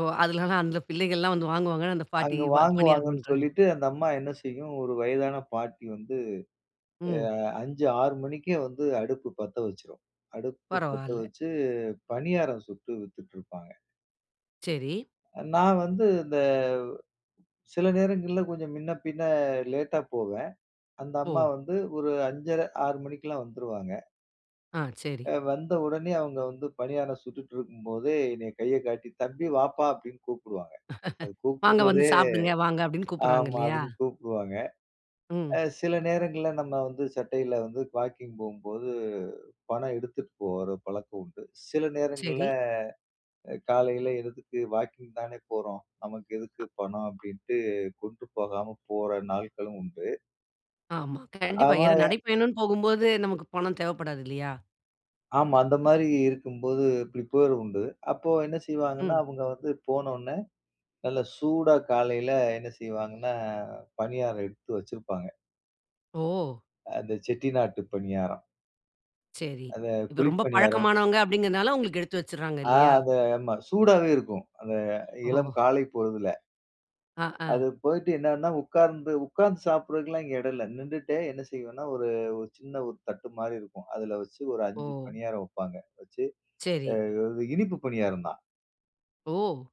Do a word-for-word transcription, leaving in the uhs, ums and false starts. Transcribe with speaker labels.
Speaker 1: ஓ! அதுனால, அந்த பிள்ளைகள்லாம் வந்து வாங்குவாங்கனு அந்த பாட்டி
Speaker 2: அங்கு
Speaker 1: வ பணியாரம்
Speaker 2: வாங்குவாங்கன்னு
Speaker 1: பண்றாங்க.
Speaker 2: சொல்லிட்டு, அந்த அம்மா என்ன செய்யும் ஒரு வயதான பாட்டி வந்து
Speaker 1: ம்.
Speaker 2: அ அஞ்சு ஆறு மணிக்கே வந்து அடுப்பு பத்த வச்சிரும். அடுப்பு பத்த
Speaker 1: பரவால்ல.
Speaker 2: வச்சி பணியாரம் சுட்டு வித்திட்ருப்பாங்க.
Speaker 1: சரி.
Speaker 2: அ நான் வந்து இந்த, சில நேரங்கள்ல கொஞ்சம் மின்ன பின்ன லேட்‌டா போவேன். அந்த அம்மா
Speaker 1: ஓ!
Speaker 2: வந்து ஒரு அஞ்சரை, ஆறு மணிக்கெல்லாம் வந்துருவாங்க.
Speaker 1: ஆ,
Speaker 2: அ,
Speaker 1: சரி.
Speaker 2: வந்த உடனே அவுங்க வந்து பணியாரம் சுட்டுட்டிருக்கும்போதே என்னய கைய காட்டி "தம்பி வாப்பா" அப்டின்னு கூப்பிடுவாங்க. அது
Speaker 1: "வாங்க, வந்து
Speaker 2: கூப்பிட்றதே
Speaker 1: சாப்பிடுங்க. வாங்க." அப்டின்னு கூப்புடுறாங்க
Speaker 2: ஆமா.
Speaker 1: இல்லையா?
Speaker 2: அப்படின்னு கூப்பிடுவாங்க. அ
Speaker 1: ம்.
Speaker 2: சில நேரங்கள்ல நம்ம வந்து சட்டையில வந்து, வாக்கிங் போம்போது பணம் எடுத்துட்டு போற பழக்கம் உண்டு. சில நேரங்கள்ல
Speaker 1: சரி.
Speaker 2: அ காலையில எழுந்துட்டு, "வாக்கிங் தானே போறோம், நமக்கு எதுக்கு
Speaker 1: அ.
Speaker 2: பணம்?" அப்படின்ட்டு கொண்டு போகாம போற நாள்களும் உண்டு.
Speaker 1: ஆமா. கண்டிப்பா.
Speaker 2: ஆமா,
Speaker 1: ஏன்னா
Speaker 2: எ
Speaker 1: நடை பயணன்னு போகும்போது, நமக்கு பணம் தேவைப்படாது இல்லையா?
Speaker 2: ஆமா. அந்த மாரி இருக்கும்போது இப்டி போயிறதுண்டு. அப்போ என்ன செய்வாங்கன்னா
Speaker 1: ம்.
Speaker 2: அவுங்க வந்து, போனோன்னே, நல்ல சூடா காலைல என்ன செய்வாங்கன்னா பணியாரம் எடுத்து வச்சிருப்பாங்க.
Speaker 1: ஓ!
Speaker 2: அந்த செட்டிநாட்டு பணியாரம்.
Speaker 1: சரி.
Speaker 2: அந்த
Speaker 1: இது
Speaker 2: குழி
Speaker 1: ரொம்ப
Speaker 2: பணியாரம்.
Speaker 1: பழக்கமானவங்க அப்டிங்கிறதனால, உங்களுக்கு எடுத்து வச்சிர்றாங்க.
Speaker 2: ஆ!
Speaker 1: இல்லையா?
Speaker 2: அந்த ஆமா. சூடாவே இருக்கும், அந்த இளம்
Speaker 1: ஓ!
Speaker 2: காலை பொழுதுல.
Speaker 1: அ,
Speaker 2: அது
Speaker 1: அ.
Speaker 2: போயிட்டு என்னன்னா, உட்கார்ந்து உட்காந்து சாப்பிட்றதுக்கலாம் இங்க எடம் இல்ல. நிண்டுட்டே என்ன செய்வேன்னா, ஒரு ஒரு சின்ன ஒரு தட்டு மாரி இருக்கும். அதில வச்சி ஒரு அஞ்சு
Speaker 1: ஓ!
Speaker 2: பணியாரம் வப்பாங்க. வச்சி
Speaker 1: சரி.
Speaker 2: அ அது இனிப்பு பணியாரம் தான்.
Speaker 1: ஓ!